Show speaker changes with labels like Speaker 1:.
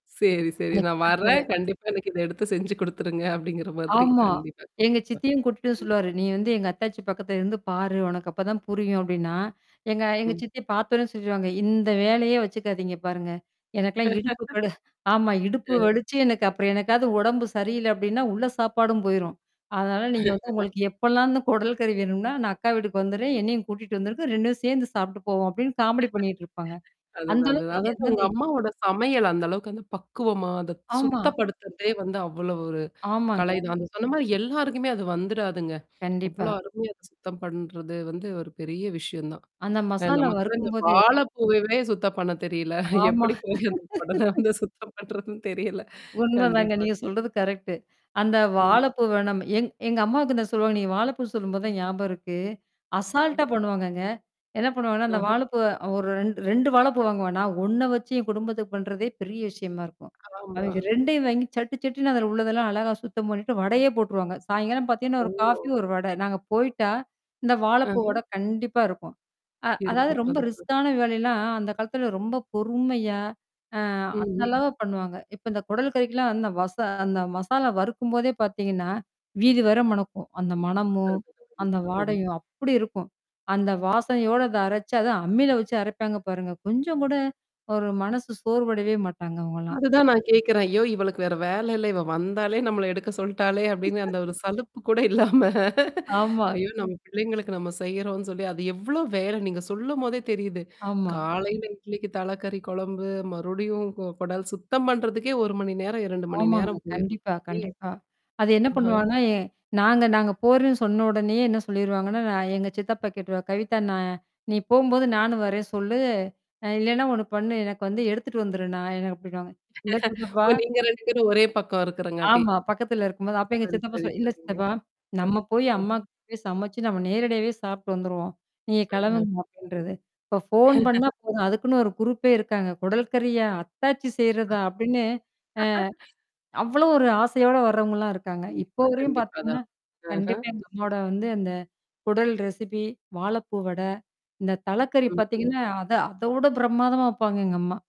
Speaker 1: சரி, சரி.
Speaker 2: இந்த
Speaker 1: நான்
Speaker 2: சித்தப்பாவே.
Speaker 1: வர்றேன். கண்டிப்பா எனக்கு இதை எடுத்துச் செய்து கொடுத்துடுங்க. அப்படிங்கிற மாதிரி
Speaker 2: ஆமாம்.
Speaker 1: கண்டிப்பா.
Speaker 2: எங்க சித்தியும் கூப்பிட்டு சொல்லுவார். நீ வந்து எங்க அத்தாச்சி பக்கத்தில் இருந்து பார், உனக்கு அப்பொழுது தான் புரியும் அப்படினா, எங்க எங்க
Speaker 1: ம்.
Speaker 2: சித்தி பார்த்தவுடனே சொல்லிவிடுவாங்க. இந்த வேலையே வைச்சுக்காதீங்க பாருங்க. எனக்கெல்லாம் இடுப்பு கடு ஆமாம் இடுப்பு
Speaker 1: ம்.
Speaker 2: வலித்து எனக்கு அப்புறம் என்றைக்காவது உடம்பு சரியில்ல அப்படினா உள்ள சாப்பாடும் போய்ரும். அதனால நீங்க வந்து உங்களுக்கு எப்பொல்லாம் இந்த குடல் கறி வேண்ம்னா, நான் அக்கா வீட்டுக்கு வந்துடுறேன். என்னையும் கூட்டிக்கொண்டு வந்துடுங்க. இரண்டும் சேர்ந்து சாப்பிட்டுப் போவோம். அப்படின்னு காமடி பண்ணிக்கொண்டு இருப்பார்கள். அந்த
Speaker 1: அதுதான். அதுதான்.
Speaker 2: அளவுக்கு,
Speaker 1: அதாது
Speaker 2: அது
Speaker 1: உங்க
Speaker 2: அது.
Speaker 1: அம்மாவுடைய சமையல் அந்த அளவுக்கு அந்தப் பக்குவமாக அதைச்
Speaker 2: ஆமா.
Speaker 1: சுத்தப்படுத்துவதே வந்து அவ்வளவு ஒரு
Speaker 2: ஆமாங்க.
Speaker 1: கலைதான். அந்தச் சொன்ன மாதிரி எல்லாருக்குமே அது வந்துடாதுங்க.
Speaker 2: கண்டிப்பா.
Speaker 1: அவ்வளவு அருமையா அதைச் சுத்தம் பண்றது வந்து ஒரு பெரிய விஷயம் தான்.
Speaker 2: அந்த
Speaker 1: அ
Speaker 2: மசாலா
Speaker 1: நமக்கு எல்லாம் இந்த
Speaker 2: வறுக்கும் போதே.
Speaker 1: வாழைப் பூவையே சுத்தம் பண்ணத் தெரியவில்ல.
Speaker 2: ஆமா.
Speaker 1: எப்படிப் போய் அந்தக் குடல வந்து சுத்தம் பண்ணுவது என்று தெரியவில்ல.
Speaker 2: உண்மைதாங்க.
Speaker 1: கண்டிப்பா.
Speaker 2: நீங்கள் சொல்வது கரெக்ட் அந்த
Speaker 1: ம்.
Speaker 2: வாழைப்பூ வேண்டும் என்று எங்க எங்க அம்மாவிடம் சொல்வாங்க. நீங்க வாழைப்பூ சொல்லும்பொழுது தான் ஞாபகம் இருக்கு.
Speaker 1: அ.
Speaker 2: அசால்ட்டாகப் பண்ணுவாங்கங்க. என்ன பண்ணுவாங்கனா, அந்த
Speaker 1: ஆஹம்.
Speaker 2: வாழைப்பூ ஒரு இரண் இரண்டு வாழைப்பூ வாங்குவன்னா. நான் ஒண்ண வைச்சு என் குடும்பத்திற்குப் பண்றதே பெரிய விஷயமா இருக்கும்.
Speaker 1: ஆமா.
Speaker 2: அவிவ்க இரண்டையும் வாங்கிச் சட்டுச் சட்டென்று அதிலுள்ளதெல்லாம் அழகாகச் சுத்தம் பண்ணிவிட்டு வடையே போட்றுவாங்க. சாயங்காலம் பார்த்தீங்கனா ஒரு காபி
Speaker 1: ஓ!
Speaker 2: ஒரு வடை நாங்க போயிட்டா இந்த வாழைப்பூ
Speaker 1: ஆஹம்.
Speaker 2: வடை கண்டிப்பா இருக்கும். அ அதாவது
Speaker 1: இருக்கும்.
Speaker 2: ரொம்ப
Speaker 1: அது.
Speaker 2: ரிஸ்கான வேலைல்லாம், அந்தக்காலத்திலே ரொம்பப் பொறுமையா அ
Speaker 1: ம்.
Speaker 2: அந்த
Speaker 1: ஹம்.
Speaker 2: அளவு பண்ணுவாங்க. இப்போ இந்தக் குடல் கறிக்கெல்லாம் அந்த மசாலா வறுக்கும்பொதே பார்த்தீங்கனா, வீதி வரை மணக்கும். அந்த
Speaker 1: அ.
Speaker 2: மணமும், அந்த
Speaker 1: அது.
Speaker 2: வாசனையும் அப்டி இருக்கும். அந்த வாசனையோடு அதை அரைச்சு அதை அம்மியில வைத்து அரைப்பாங்க பாருங்க. கொஞ்சம் கூட ஒரு மனசு சோர்வடையவே மாட்டாங்க அவங்கல்லாம்.
Speaker 1: அதுதான் நான் கேட்கிறேன் ஐயோ! இவளுக்கு வேறு வேலை இல்ல, இவள் வந்தாலே நம்மை எடுக்கச் சொல்லிட்டாளே அப்படின்ற அந்த ஒரு சலிப்பு கூட இல்லாம.
Speaker 2: ஆமா.
Speaker 1: ஐயோ! நம்முடைய பிள்ளைகளுக்கு நாம் செய்கிறோம் என்று சொல்லி அது எவ்வளவு வேலை நீங்கள் சொல்லும்பொழுதே தெரிகிறது.
Speaker 2: ஆமா.
Speaker 1: காலையில் இட்லிக்குத் தலைக்கறி குழம்பு, மறுபடியும் குடல் சுத்தம் பண்றதுக்கே ஒரு மணி நேரம், இரண்டு மணி
Speaker 2: ஆமாங்க.
Speaker 1: நேரம் போய்விடும்.
Speaker 2: கண்டிப்பா, கண்டிப்பா. அது என்ன
Speaker 1: ஹ்ம்.
Speaker 2: பண்ணுவாங்கனா, நாங்க நாங்க போறோம்னு சொன்ன உடனேயே என்ன சொல்லிவிடுவாங்கனா, நான் எங்க சித்தப்பா கேட்றுவார், கவிதா நான் நீ போகும்பொது நானும் வர்றேன்னு சொல், ஆ இல்லனா ஒண்ணு பண்ணு எனக்கு வந்து எடுத்துக்குண்னு வந்துடு நான் எனக்கு அப்டின்பாங்க. இல்ல சித்தப்பா?
Speaker 1: நீங்க இரண்டு பேரும் ஒரே பக்கம் இருக்கிறபடி.
Speaker 2: ஆமா. பக்கத்தில இருக்கும்பொது. அப்போ எங்க
Speaker 1: சுப்பரு
Speaker 2: சித்தப்பா
Speaker 1: சரி
Speaker 2: சொல்ல, இல்ல
Speaker 1: சரிங்க.
Speaker 2: சித்தப்பா நாம் போய் அம்மா போய் சமைத்து நாம் நேரடியாகவே சாப்பிட்டுட்டு வந்துடுவோம், நீங்க
Speaker 1: ம்ஹம்.
Speaker 2: கிளம்புங்க அப்படின்னு சொல்து. இப்போ போன் பண்ணினால் போதும், அதுக்குன்னு ஒரு குருப்பே இருக்காங்க. குடல் கறியா? அத்தாச்சி
Speaker 1: அ.
Speaker 2: செய்றதா? அப்படின்னு. அவ்வளவு ஒரு ஆசையோடு வருவங்கல்லாம் இருக்காங்க.
Speaker 1: ம்.
Speaker 2: இப்போ வரையிலும்
Speaker 1: கண்டிப்பா
Speaker 2: பாத்தீவ்கனா,
Speaker 1: தான். ஆஹம்.
Speaker 2: கண்டிப்பா இந்த அம்மாவுடைய வந்து அந்த குடல் ரெசெப்பி வாழைப்பூ வடை, இந்தத் தலைக்கறி
Speaker 1: ம்ஹம்.
Speaker 2: பாத்தீங்கனா, அத அதவிடப் பிரமாதமா வைப்பாங்க எங்க அம்மா.